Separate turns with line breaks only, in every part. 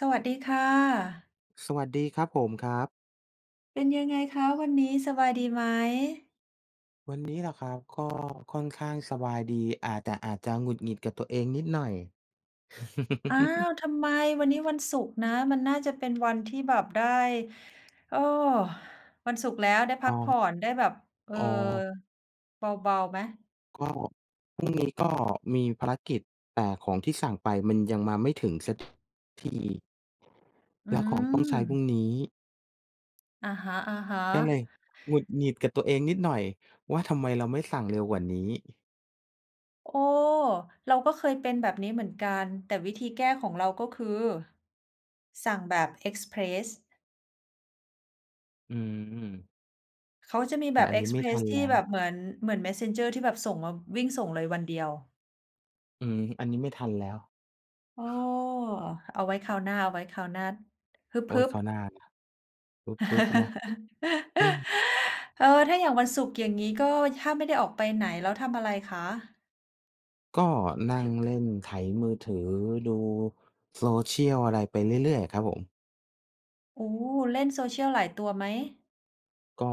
สวัสดีค่ะ
สวัสดีครับผม ครับ
เป็นยังไงคะวันนี้ สบายดีไหม?
วันนี้เหรอครับ? ก็ค่อนข้างสบายดี อ่า แต่อาจจะหงุดหงิดกับตัวเองนิดหน่อย
อ้าว! ทำไม? วันนี้วันศุกร์นะ มันน่าจะเป็นวันที่แบบได้ โอ้! วันศุกร์แล้วได้พ
อ๋
ั
อ
กผ่อน ได้แบบ เออ
อ๋อ
เบา ๆ ไหม?
ก็พรุ่งนี้ก็มีภารกิจ แต่ของที่สั่งไปมันยังมาไม่ถึงสัก ที
อ
แล้วของต้องใช้พรุ
ืม
่งนี้
อะฮะ
ก็เลย
ๆ
หงุดหงิดกับตัวเองนิดหน่อยว่า ทำไมเราไม่สั่งเร็วกว่านี้
โอ้! เราก็เคยเป็นแบบนี้เหมือนกัน แต่วิธีแก้ของเรา ก็คือ สั่งแบบเอกซ์เพรส
อืม
เขาจะมี
แ
แ
ต
บ
่
บ
อัน
เอ
นี
ก
้
ซ์
ไม
เ
่
พร
ทั
ส
น
ท
แล
ี่
้ว
แบบเหมือน เหมือน Messenger ที่แบบส่งมา วิ่งส่งเลยวันเดียว
อืม อันนี้ไม่ทันแล้ว
โอ้! เอาไว้คราวหน้า เอาไว้คราวหน้า ฮ
เอาไว
ึ
้
บ
คราว
ๆ
หน้านะ ฮึบ ๆ นะ เฮ้อ!
เออ ถ้าอย่างวันศุกร์ อย่างงี้ ก็ถ้าไม่ได้ออกไปไหน แล้วทำอะไรคะ?
ก็ นั่งเล่น ไถมือถือดูโซเชียลอะไรไปเรื่อย ๆ อะครับผม
โอ้ เล่น social หลายตัวไหม?
ก็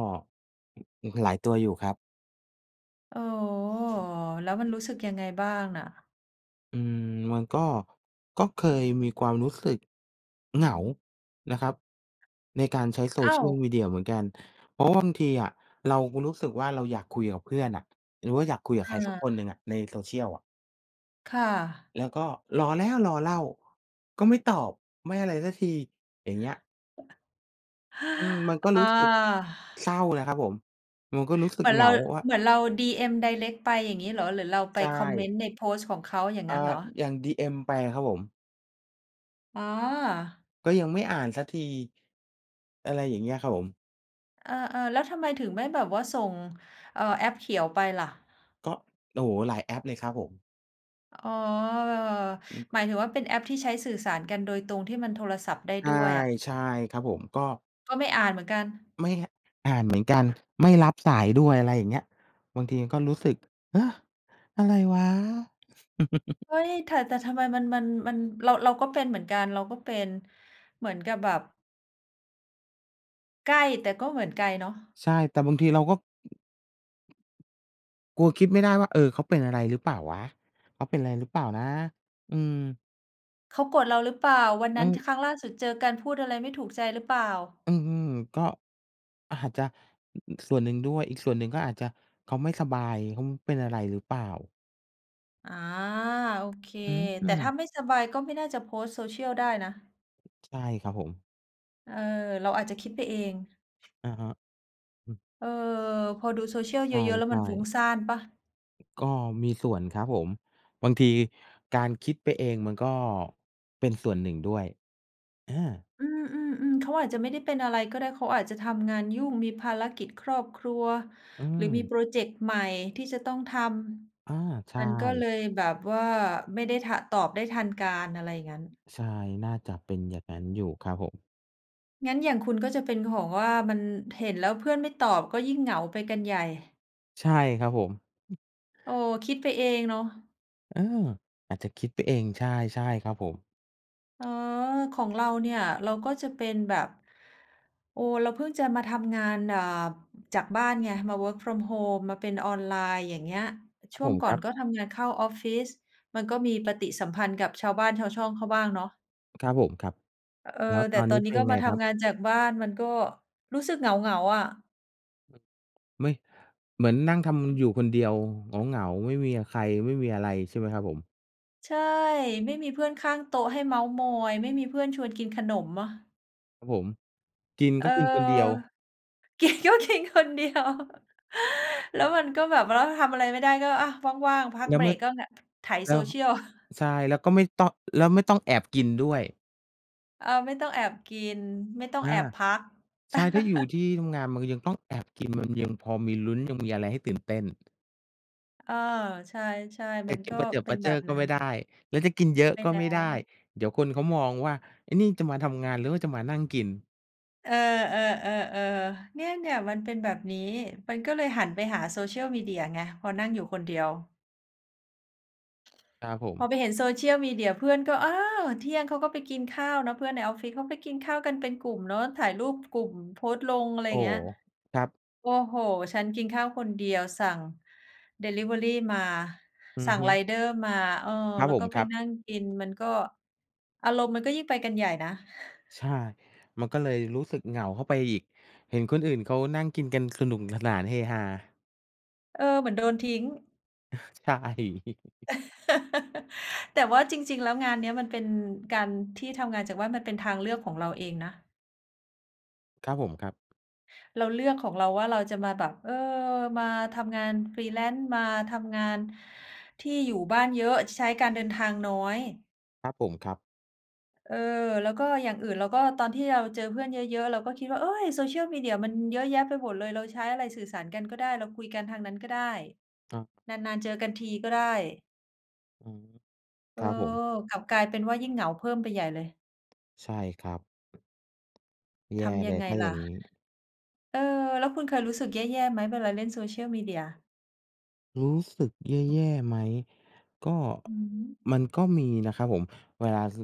อ หลายตัวอยู่ครับ
อ๋อ แล้วมันรู้สึกยังไงบ้างน่ะ?
อืม มันก็ ก็เคยมีความรู้สึกเหงานะครับ ในการใช้
อ้าว!
social media เหมือนกัน เพราะว่าบางทีอะเราก็รู้สึกว่า เราอยากคุยกับเพื่อนอะ หรือว่าอยากคุยกับใ
อ
ครสักค
า
นหนึ่งอะ ใน social อะ
ค่ะ
แล้วก็รอแล้วรอเล่า ก็ไม่ตอบไม่อะไรซักที อย่างเงี้ย อืม มันก็
อ
รู้
า
สึกเศร้านะครับผม มันก็รู้สึก
เหมือ
เ
น
หง
เรา
าว่า
เหมือนเราดีเอ็มไดเรกต์ไปอย่างงี้เหรอ? หรือเราไ
ใ
ป
ช
คอมเม
่
นต์ในโพสต์ของเขาอย่าง
อ่
ง
า
ั้นเหรอ?
อย่างดีเอ็มไปอะครับผม
อ๋อ
ก็ยังไม่อ่านสักที อะไรอย่างเงี้ยครับผม
เออ ๆ แล้วทำไมถึงไม่แบบว่าส่ง เอ่อ แอปเขียวไปล่ะ
ก็ โอ้โฮ! หลายแอปเลยครับผม
อ๋อ
อืม
หมายถึงว่าเป็นแอปที่ใช้สื่อสารกันโดยตรง ที่มันโทรศัพท์ได้
ใช่
ด้วยอะ
ใช่ ครับผม ก็
ก็ไม่อ่านเหมือนกัน
ไม่ อ อ่านเหมือนกัน ไม่รับสายด้วย อะไรอย่างเงี้ย บางทีก็รู้สึก เฮ้อ อะไรวะ?
เอ๊ย! แท่ แต่ทำไมมัน มัน มัน เรา เราก็เป็นเหมือนกัน เราก็เป็นเหมือนกับแบบ ใกล้แต่ก็เหมือนไกลเนาะ
ใช่ แต่บางทีเราก็ กลัวคิดไม่ได้ว่า เออ เขาเป็นอะไรหรือเปล่าวะ? เขาเป็นอะไรหรือเปล่านะ? อืม
เขาโกรธเราหรือเปล่า? วัน
อ
น
ื
ั้น ท
ม
ครั้งล่าสุดเจอกันพูดอะไรไม่ถูกใจหรือเปล่า?
อือ ก็ อาจจะ อือ ๆ ส่วนหนึ่งด้วย อีกส่วนหนึ่งก็อาจจะเขาไม่สบาย เขาเป็นอะไรหรือเปล่า?
อ๋อ โอเค
อ
แต่
ื
ถ้า
ม
ไม่สบายก็ไม่น่าจะโพสต์โซเชียลได้นะ
ใช่ ครับผม
เออ เราอาจจะคิดไปเอง
อาฮะ อือ
เออ พอดูโซเชียล
ใ
เยอะ ๆ แล้ว
ช
มั
่
นฟุ้ง
ๆ
ซ่านเปล่า?
ก็มีส่วนครับผม บางทีการคิดไปเองมันก็ เป็นส่วนหนึ่งด้วย อา
อือ ๆ ๆ เขาอาจจะไม่ได้เป็นอะไรก็ได้ เขาอาจจะทำงานยุ่งมีภารกิจครอบครัว
อื
หรือมีพ
ม
รอเจกต์ใหม่ที่จะต้องท
อา ใช
ำ มันก็เล
่
ยแบบว่า ไม่ได้ ท ตอบได้ทันการ อะไรอย่างงั้น
ใช่ น่าจะเป็นอย่างงั้นอยู่ครับผม
งั้นอย่างคุณก็จะเป็น เออ ของว่ามัน เห็นแล้วเพื่อนไม่ตอบ ก็ยิ่งเหงาไปกันใหญ่
ใช่ครับผม อืม
โอ้! คิดไปเองเนาะ
เออ อาจจะคิดไปเอง ใช่ ๆ ครับผม
อ๋อ ของเราเนี่ย เราก็จะเป็นแบบ โอ้! เราเพิ่งจะมาทำงาน อ่า จากบ้านไง มา work from home มาเป็นออนไลน์ อย่างเงี้ย
คร
ช
ับ
่ว
ผ
ง
ม
ก
ค
่อ
รั
น
บ
ก็ทำงานเข้าออฟฟิศ มันก็มีปฏิสัมพันธ์กับชาวบ้านชาวช่องเขาบ้างเนาะ
ครับผม ครับ
เออ
แล้ว
แ
ต
ต่
อน
ต
น
อ
ี้
นน
เ
ี
ป
้
็น
ก็
ยังไง
มาท
ครับ?
ำงานจากบ้าน มันก็รู้สึกเหงา ๆ อะ
ไม่ เหมือนนั่งทำอยู่คนเดียวเหงา ๆ ไม่มีอะใคร ไม่มีอะไรใช่ไหมครับผม?
ใช่ ไม่มีเพื่อนข้างโต๊ะให้เม้าท์มอย ไม่มีเพื่อนชวนกินขนมมะ
ครับผม กิน
เอ
ก
อ
็กินคนเดียว
กินก็กินคนเดียว แล้วมันก็แบบว่า ร ทำอะไรไม่ได้ ร ก็ อะ ว่าง ๆ พั
แ
ก
ล้ว
เบ
เ
ร
มื่อ
กก็เนี่ยไถ
แล้
โซ
ว
เชียล
ใช่ แล้วก็ไม่ต้อง แล้วไม่ต้องแอบกินด้วย
อา ไม่ต้องแอบกิน ไม่ต้อ
อ
งแอ
า
บพัก
ใช่ ถ้าอยู่ที่ทำงาน มันก็ยังต้องแอบกิน มันยังพอมีลุ้น ยังมีอะไรให้ตื่นเต้น
เออ ใช่ ๆ
จ
มั
ะ
น
กิ
ก
น
็
ประเจิด
เป็
ปร
น
ะเ
แบ
จ้อ
บ
ก็
นั้
ไม
น
่ได้ แล้วจะกินเยอะ
ไม่
ก็
ได
ไม่ได้
้
เดี๋ยวคนเขามองว่า ไอ้นี่จะมาทำงาน หรือว่าจะมานั่งกิน
เออ ๆ ๆ ๆ เนี่ย ๆ มันเป็นแบบนี้ มันก็เลยหันไปหาโซเชียลมีเดียไง พอนั่งอยู่คนเดียว
ครับผ
พ
ม
อไปเห็นโซเชียลมีเดีย เพื่อนก็ อ้าว! เที่ยงเขาก็ไปกินข้าวนะ เพื่อนในออฟฟิศเขาไปกินข้าวกันเป็นกลุ่มเนาะ ถ่ายรูปกลุ่มโพสต์ลง อะไร
โอ้
เง
โ
ี้ย
ฮ ครับ
โอ้โฮ ฉันกินข้าวคนเดียวสั่งดิลิเวอรีมา
อื
ส
อ
ั่ง
ฮึ
ไรเดอร์มา เออ
ครับ
แล้
ผ
วก
ม
็ไ
ค
ป
รับ
นั่งกิน มันก็ อารมณ์มันก็ยิ่งไปกันใหญ่นะ
ใช่ มันก็เลยรู้สึกเหงาเข้าไปอีก เห็นคนอื่นเขานั่งกินกัน สนุกสนาน เฮฮา
เออ เหมือนโดนทิ้ง
ใช่
แต่ว่าจริง ๆ แล้วงานเนี้ย มันเป็นการ ที่ทำงานจากบ้านมันเป็นทางเลือกของเราเองนะ
ครับผม ครับ
เราเลือกของเราว่า เราจะมาแบบ เออ มาทำงานฟรีแลนซ์ มาทำงาน ที่อยู่บ้านเยอะใช้การเดินทางน้อย
ครับผม ครับ
เออ แล้วก็อย่างอื่น เราก็ตอนที่เราเจอเพื่อนเยอะ ๆ เราก็คิดว่า โอ๊ย! social media มันเยอะแยะไปหมดเลย เราใช้อะไรสื่อสารกันก็ได้ เราคุยกันทางนั้นก็ได้
อ้อ
นาน ๆ เจอกันทีก็ได้
อืม
เอ
ค
อ
รับผม
กลับกลายเป็นว่ายิ่งเหงาเพิ่มไปใหญ่เลย
ใช่ครับ แ
ท
ย่
ำย
เ
ั
ล
ง
ย
ไง
ถ้า
ล
อย
่ะ
่างงี้
เออ แล้วคุณเคยรู้สึกแย่ ๆ ไหม? เวลาเล่นโซเชียลมีเดีย
รู้สึกแย่ ๆ ไหม ก็
อือฮึ
มันก็มีนะครับผม เวลา ส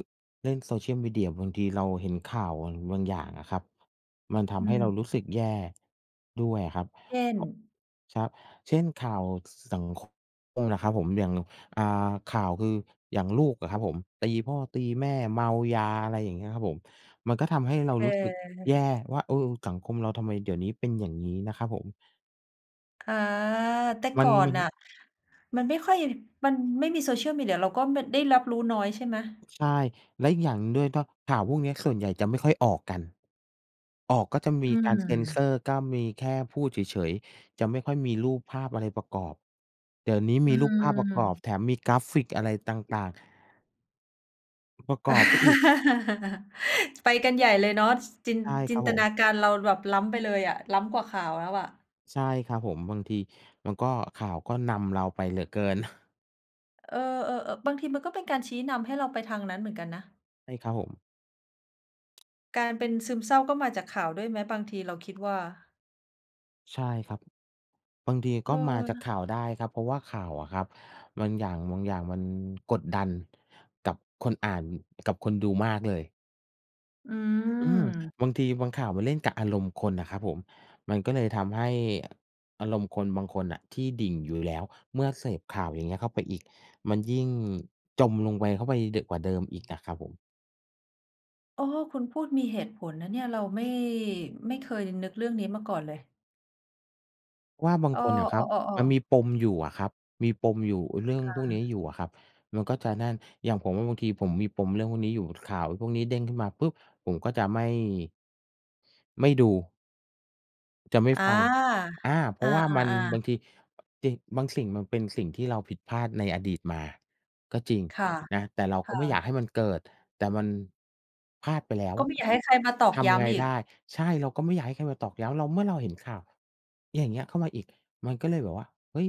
เล่นโซเชียลมีเดีย บางทีเราเห็นข่าวอัน บางอย่างอะครับ มันท
อ
ำให้เรา
ืม
รู้สึกแย่ด้วยอะครับ
เช่น
อ ครับ เช่น ข่าว ส สัง ค คมน่ะครับผม อย่าง อ่า ข่าวคือ อย่างลูกอะครับผม ตีพ่อ ตีแม่ เมายา อะไรอย่างเงี้ยครับผม มันก็ทำให้เรา
เ
รู้สึกแย่
ออ
ว่า เออ สังคมเราทำไมเดี๋ยวนี้เป็นอย่างงี้นะ ครับผม
อา แต่
มั
ก
น
่อ
ม
น
ัน
น่ะ มันไม่ค่อย มันไม่มีโซเชียลมีเดีย เราก็ ม ได้รับรู้น้อยใช่ไหม?
ใช่ แล้วอีกอย่างหนึ่งด้วย ถ้าข่าวพวกเนี้ยส่วนใหญ่จะไม่ค่อยออกกัน ออกก็จะม
อ
ี
ื
การเซนเซ
ม
อร์ ก็มีแค่พูดเฉย ๆ จะไม่ค่อยมีรูปภาพอะไรประกอบ เดี๋ยวนี้
อ
ม
ื
ีรูปภาพประกอบ
ม
แถมมีกราฟิกอะไรต่าง ๆ อ ประกอบไปอีก
ไปกันใหญ่เลยเนาะ ส จิน
ใช่
จ
ค
ิ
ร
น
ับ
ต
ผ
น
ม
าการเราแบบล้ำไปเลยอะ ล้ำกว่าข่าวแล้วอะ
ใช่ครับผม บางทีมันก็ ข่าวก็นำเราไปเหลือเกิน
เออ ๆ เอ่อ บางทีมันก็เป็นการชี้นำให้เราไปทางนั้นเหมือนกันนะ
ใช่ครับผม
การเป็นซึมเศร้าก็มาจากข่าวด้วยไหมบางที? เราคิดว่า
ใช่ครับ บางที
เ
ก็มาจาก
ออ
ข่าวได้ครับ เพราะว่าข่าวอะครับบางอย่าง บางอย่างมันกดดันกับคนอ่าน กับคนดูมากเลย
อื
อืม
ม
บางทีบางข่าวมันเล่นกับอารมณ์คนน่ะครับผม มันก็เลยทำให้อารมณ์คนบางคนน่ะที่ดิ่งอยู่แล้ว เมื่อเสพข่าวอย่างเงี้ยเข้าไปอีก มันยิ่งจมลงไป เข้าไปยิ่ง ด กว่าเดิมอีกอะครับผม
เออ คุณพูดมีเหตุผลนะเนี่ย เราไม่ ไม่เคยนึกเรื่องนี้มาก่อนเลย
ว่าบาง
อ้อ
คนน่ะคร
อ
ับ
้อ
มัน
ๆ ๆ
มีปมอยู่อะครับ มีปมอยู่ เรื่อง
ค่
พวกนี้
ะ
อยู่อะครับ มันก็จะนั่น อย่างผมอะบางทีผมมีปมเรื่องพวกนี้อยู่ ข่าวพวกนี้เด้งขึ้นมาปุ๊บ ผมก็จะไม่ ไม่ดู จะไม่
อา
ฟัง อา เพร
อ
า
า
ะว่ามันบ
ๆ ๆ
างที จริง บางสิ่งมันเป็นสิ่งที่เราผิดพลาดในอดีตมา ก็จริง
ค่ะ
นะ แต่เรา
ค
ก็
่
ไม่อยา
ะ
กให้มันเกิด แต่มัน พลาดไปแล้ว
ก็ไม่อยากให้ใครมาตอก
ท
ย้
ำไง
ำอี
ไ
ก
ด้ ใช่ เราก็ไม่อยากให้ใครมาตอกย้ำเรา เมื่อเราเห็นข่าว อย่างเงี้ยเข้ามาอีก มันก็เลยแบบว่า เฮ้ย!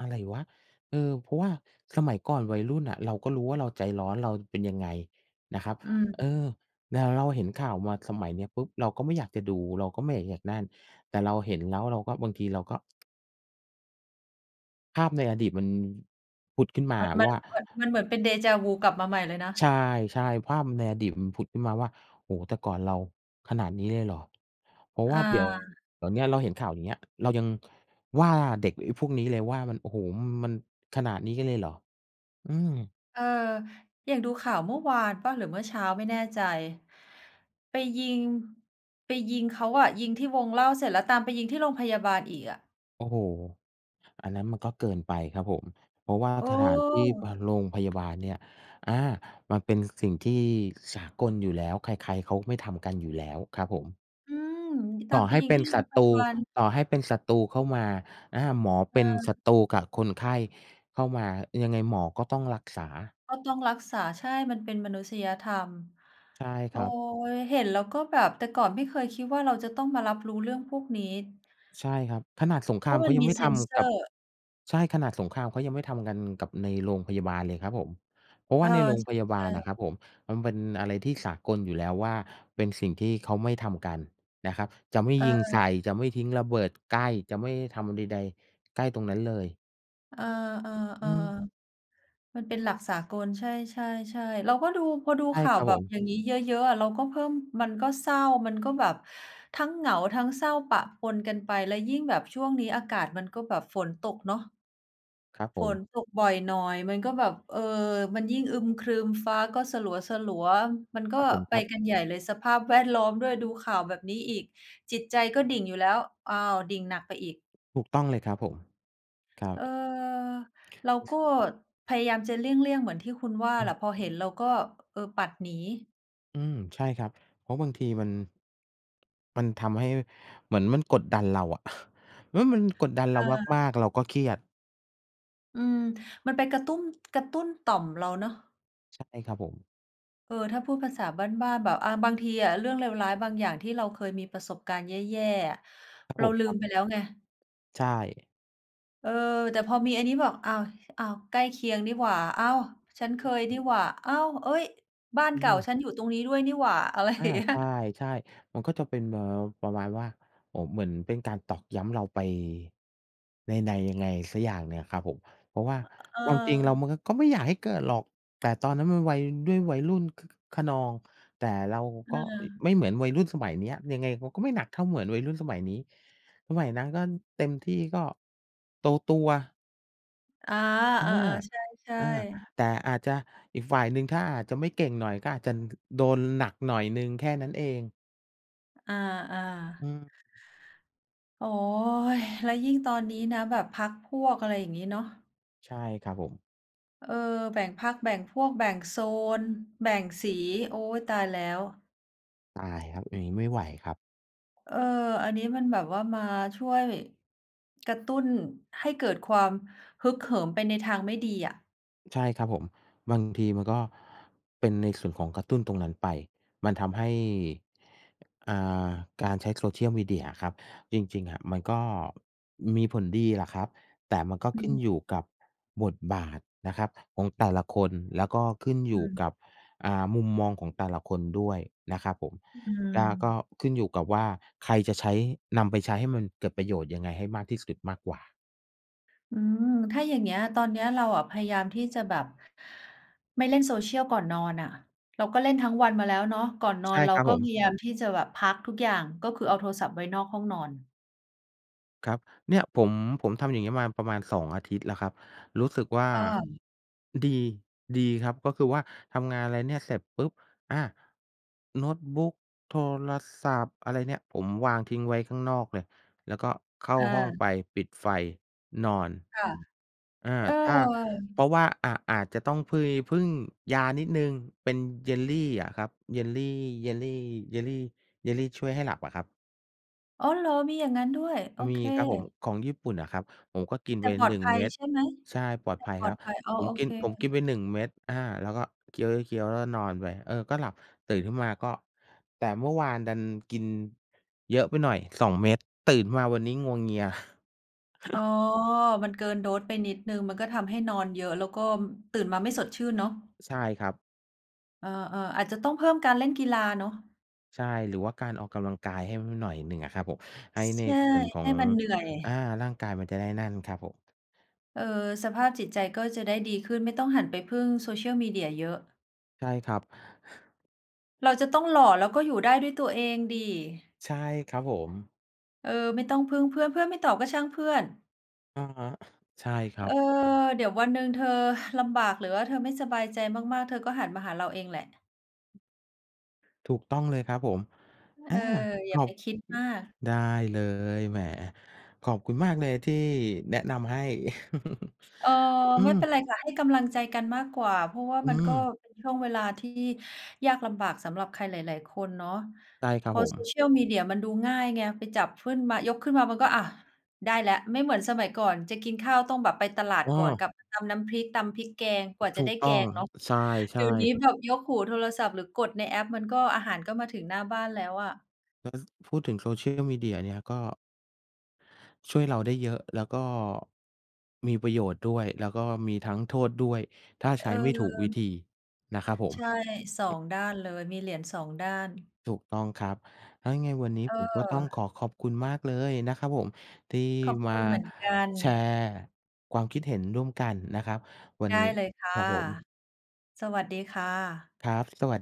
อะไรวะ? เออ เพราะว่าสมัยก่อนวัยรุ่นน่ะ เราก็รู้ว่าเราใจร้อน เราเป็นยังไง? นะครับ
อื
เอ
ม
อ แล้วเราเห็นข่าวมาสมัยเนี้ยปุ๊บ! เราก็ไม่อยากจะดู เราก็ไม่อยากจะอยากนั่น แต่เราเห็นแล้วเราก็ บางทีเราก็ ภาพในอดีตมัน ผุดขึ้นมา
มัน
อะ
มั
ว
น
่า
เหมือน มันเหมือนเป็นเดฌา-วูว์กลับมาใหม่เลยนะ
ใช่ ๆ ภาพ ม ในอดีตมันผุดขึ้นมาว่า โอ้โฮ แต่ก่อนเราขนาดนี้เลยเหรอ? เพราะว่
อ
าเดี๋ยว
า
เดี๋ยวเนี้ยเราเห็นข่าว อย่างเงี้ย เรายังว่า เด็กไอ้พวกนี้เลยว่า มัน โอ้โฮ! ม มันขนาดนี้กันเลยเหรอ? อืม
เออ อย่างดูข่าวเมื่อวานเปล่า หรือเมื่อเช้าไม่แน่ใจ? ไปยิง ไปยิงเขาอะ ยิงที่วงเหล้าเสร็จแล้วตามไปยิงที่โรงพยาบาลอีกอะ
โอ้โฮ! อันนั้นมันก็เกินไปครับผม เพราะว่า
โอ
สถานที่ พ
้!
โรงพยาบาลเนี่ย อา มันเป็นสิ่งที่สากลอยู่แล้ว ใคร ๆ เขาไม่ทำกันอยู่แล้วครับผม
อืม ต
ต
า
่อ
มไป
ให้
ยิ
เ
ง
ป็
ท
น
ี่โร
ศั
งพ
ตร
ย
ู
าบาล
ต่อให้เป็นศัตรูเข้ามา อา หมอ
เ
เป็น
ออ
ศัตรูกับคนไข้เข้ามา ยังไงหมอก็ต้องรักษา
ก็ต้องรักษา ใช่ มันเป็นมนุษยธรรม
ใช่
โ
ค
อ้
รับ
ย! เห็นแล้วก็แบบ แต่ก่อนไม่เคยคิดว่า เราจะต้องมารับรู้เรื่องพวกนี้
ใช่ครับ ขนาดสงค
เ
ร
พ
า
ร
ม
าะ
เข
มั
า
น
ยั
ม
ง
ี
ไม่
เซ
ท
นเซ
ำกั
อ
บ
ร์
ใช่ ขนาดสงครามเขายังไม่ทำกันกับในโรงพยาบาลเลยครับผม เพราะ
เ
ว
อ
่า
อ
ในโรง
ใช
พยาบาล
่
น่
ๆ
ะครับผม มันเป็นอะไรที่สากลอยู่แล้วว่า เป็นสิ่งที่เขาไม่ทำกันนะครับ จะไม่
เ
ยิงใส
ออ
่ จะไม่ทิ้งระเบิดใกล้ จะไม่ทำใด ๆ ใกล้ตรงนั้นเลย
เออ
อืม
ๆ ๆ มันเป็นหลักสากล ใช่ ๆ ๆ เราก็ดู พอดู
ใช่
ข่า
ค
ว
รับ
แบ
ผ
บ
ม
อย่างนี้เยอะ ๆ อะ เราก็เพิ่ม มันก็เศร้า มันก็แบบทั้งเหงา ทั้งเศร้าปะปนกันไป แล้วยิ่งแบบช่วงนี้อากาศมันก็แบบฝนตกเนาะ
ครับผ
ฝ
ม
นตกบ่อยหน่อย มันก็แบบ เออ มันยิ่งอึมครึมฟ้าก็สลัว ๆ มันก
ค
็
รับผม
ไป
ครับ
กันใหญ่เลย สภาพ แวดล้อม ด้วย ดูข่าวแบบนี้อีก จิตใจก็ดิ่งอยู่แล้ว อ้าว! ดิ่งหนักไปอีก
ถูกต้องเลยครับผม ครั
เออ
บ
เราก็พยายามจะเลี่ยง ๆ เหมือนที่คุณว่า
อ
แห
ื
ล
ม
ะ พอเห็นเราก็ เออ ปัดหนี
อืม ใช่ครับ เพราะบางทีมัน มันทำให้ เหมือนมันกดดันเราอะ เอ๊ย! มันกดดันเ
เ
รา
ออ
มาก ๆ เราก็เครียด
อืม มันไปกระตุ้น กระตุ้นต่อมเราเนาะ
ใช่ครับผม
เออ ถ้าพูดภาษาบ้าน ๆ แบบ อา บางทีเรื่องเลวร้ายบางอย่าง ที่เราเคยมีประสบการณ์แย่ ๆ อะ
ครับ
เร
ผ
า
ม
ลื
ครั
ม
บ
ไปแล้วไง
ใช่
เออ แต่พอมีอันนี้บอก อ้าว! อ้าว! ใกล้เคียงนี่หว่า อ้าว! ชั้นเคยนี่หว่า อ้าว! เอ๊ย! บ้าน
อื
เก่า
ม
ฉันอยู่ตรงนี้ด้วยนี่หว่า อะไร
อ
อ
า
ย่างเงี้ย
ใช่ ๆ มันก็จะเป็น เอ่อ ประมาณว่า โอ้ เหมือนเป็นการตอกย้ำเราไปใน ในยังไงสักอย่างหนึ่งอะครับผม เพราะว่า
ฮ เอ
ความจริงเรา
อ
มันก็ ก็ไม่อยากให้เกิดหรอก แต่ตอนนั้นมันวัย ด้วยวัยรุ่น ค คึกคะนอง แต่เรา
เ
ก็
ออ
ไม่เหมือนวัยรุ่นสมัยเนี้ย ยังไงเขาก็ไม่หนักเท่า เหมือนวัยรุ่นสมัยนี้ สมัยนั้นก็เต็มที่ก็ตัว ๆ
อา
อ
เ
า
ออ ๆ ใช่
อา
ๆ
แต่อาจจะอีกฝ่ายหนึ่ง ถ้าอาจจะไม่เก่งหน่อย ก็อาจจะ ด โดนหนักหน่อยหนึ่งแค่นั้นเอง
อา
อื
ๆ
ม
โอ๊ย! แล้วยิ่งตอนนี้นะแบบพรรคพวก อะไรอย่างงี้เนาะ
ใช่ ครับผม
เออ แบ่งพรรค แบ่งพวก แบ่งโซน แบ่งสี โอ๊ย! ตายแล้ว
ตายครับ อย่างงี้ไม่ไหวครับ
เออ อันนี้มันแบบว่ามาช่วยกระตุ้นให้เกิดความฮึกเหิมไปในทางไม่ดีอะ
ใช่ ครับผม บางทีมันก็เป็นในส่วนของกระตุ้นตรงนั้นไป มันทำให้ อ่า การใช้โซเชียลมีเดียอะครับ จริง ๆ อะ มันก็มีผลดีแหละครับ แต่มันก็
อื
ขึ้น
ม
อยู่กับบทบาทนะครับของแต่ละคน แล้วก็ขึ้น
อ
อยู่
ืม
กับ อ่า มุมมองของแต่ละคนด้วยนะครับผม
อื
กา ก็
ม
ขึ้นอยู่กับว่า ใครจะใช้ นำไปใช้ให้มันเกิดประโยชน์ยังไงให้มากที่สุดมากกว่า
อืม ถ้าอย่างเงี้ย ตอนเนี้ยเราอะพยายามที่จะแบบไม่เล่นโซเชียลก่อนนอนน่ะ เราก็เล่นทั้งวันมาแล้วเนาะ ก่อนน
ใ
อ
ช่
นเรา
ครับ
ก็
ผ
พ
ม
ยายามที่จะแบบพักทุกอย่าง ก็คือเอาโทรศัพท์ไว้นอกห้องนอน
ครับ เนี่ยผม ผมทำอย่างงี้มาประมาณ 2 อาทิตย์แล้วครับ รู้สึกว่า
ค่ะ
ดี ดีครับ ก็คือว่าทำงานอะไรเนี่ย เสร็จปุ๊บ! อา โน้ตบุ๊ค โทรศัพท์อะไรเนี่ยผมวางทิ้งไว้ข้างนอกเลย แล้วก็เข้า
อ
ห้อง
า
ไปปิดไฟนอน
ค่ะ
อา
เออ
ถ้า เพราะว่า อะ อาจจะต้องเพิย พึ่งยานิดหนึ่ง เป็นเยลลี่อะครับ เยลลี่ เยลลี่ เยลลี่ เยลลี่ช่วยให้หลับอะครับ
อ๋อเหรอ มีอย่างงั้นด้วย โอ
ม
เ
ี
ค
ครับผม ของญี่ปุ่นอะครับ ผมก็กิน
แ
ไ
ต
ป
่ปลอ
หน
ด
ึ่ง
ภั
เม
ย
็ด
ใช่ไหม?
ใช่ ปลอ
แ
ด
ต่
ภัย
ปลอ
คร
ด
ับ
ภัย อ๋อ
ผม
โอ
กิ
เค
น ผมกินไป 1 เม็ด อา แล้วก็เคี้ยว ๆ ๆ แล้วนอนไป เออ ก็หลับตื่นขึ้นมาก็ แต่เมื่อวานดันกินเยอะไปหน่อย 2 เม็ด ตื่นขึ้นมาวันนี้งัวเงีย
อ๋อ มันเกินโดสไปนิดหนึ่งก็ทำให้นอนเยอะ แล้วก็ตื่นมาไม่สดชื่นเนาะ
ใช่ครับ
เออ ๆ อาจจะต้องเพิ่มการเล่นกีฬาเนาะ
ใช่หรือว่าการออกกำลังกายให้ ห หน่อยหนึ่งอะครับผม ให้
ใ
ใน
ช่
ส่วนขอ
ให้
ง
มันเหนื่อย
อ่า ร่างกายมันจะได้นั่นครับผม
เออ สภาพจิตใจก็จะได้ดีขึ้น ไม่ต้องหันไปพึ่ง Social Media เยอะ
ใช่ครับ
เราจะต้องหล่อ แล้วก็อยู่ได้ด้วยตัวเองสิ
ใช่ ครับผม
เออ ไม่ต้องพึ่งเพื่อน เพื่อนไม่ตอบก็ช่างเพื่อน
อะฮะ ใช่คร
เ
ั
ออ
บ
เดี๋ยววันหนึ่งเธอ ลำบาก หรือว่าเธอไม่สบายใจมาก ๆ เธอก็หันมาหาเราเองแหละ
ถูกต้องเลยครับผม
อ
อ
เ
า
ออ อ
ข
ย่า
อ
ไป
บ
คิดมาก
ได้เลย แหม ขอบคุณมากเลยที่แนะนำให้
เอ่อ
อื
ไม่เป็
ม
นไรค่ะ ให้กำลังใจกันมากกว่า เพราะว่า
อื
มันก็
ม
เป็นช่วงเวลาที่ยากลำบากสำหรับใครหลาย ๆ คนเนาะ
ได้ ครั
พ
บ
อ
ผม
Social Media มันดูง่ายไง ไปจับขึ้น มา ยกขึ้นมามันก็ อะ ได้แล้ว ไม่เหมือนสมัยก่อนจะกินข้าวต้องแบบไปตลาด
อ้
ก
อ
่อน กลับมาตำน้ำพริก ตำพริกแกง กว่าจ
ถ
ะ
ู
ได
ก
้แ
ต้
ก
อง
งเนาะ
ใช
เด
่
ี๋ยวนี้
ๆ
แบบยกหูโทรศัพท์ หรือกดในแอป มันก็ อาหารก็มาถึงหน้าบ้านแล้วอะ
แล้ว ซ พูดถึงโซเชียลมีเดียเนี่ย ก็ ช่วยเราได้เยอะ แล้วก็ มีประโยชน์ด้วย แล้วก็มีทั้งโทษด้วย ถ้าใช
เอ
้ไม่ถูกวิ
อ
ธีนะครับผม
ใช่ 2 ด้านเลย มีเหรียญ 2 ด้าน
ถูกต้องครับ ถ้ายังไงวันนี้
เ
ผมก็ต้องข
ออ
อขอบคุณมากเลยนะครับผม ที่
ขอบ
ม
ค
า
ุณเหมือนกัน
แชร์ความคิดเห็นร่วมกันนะครับวั
ไ
น
ด้
นี้
เลยค่ะ
ครับผม
สวัสดีค่ะ
ครับ สวัส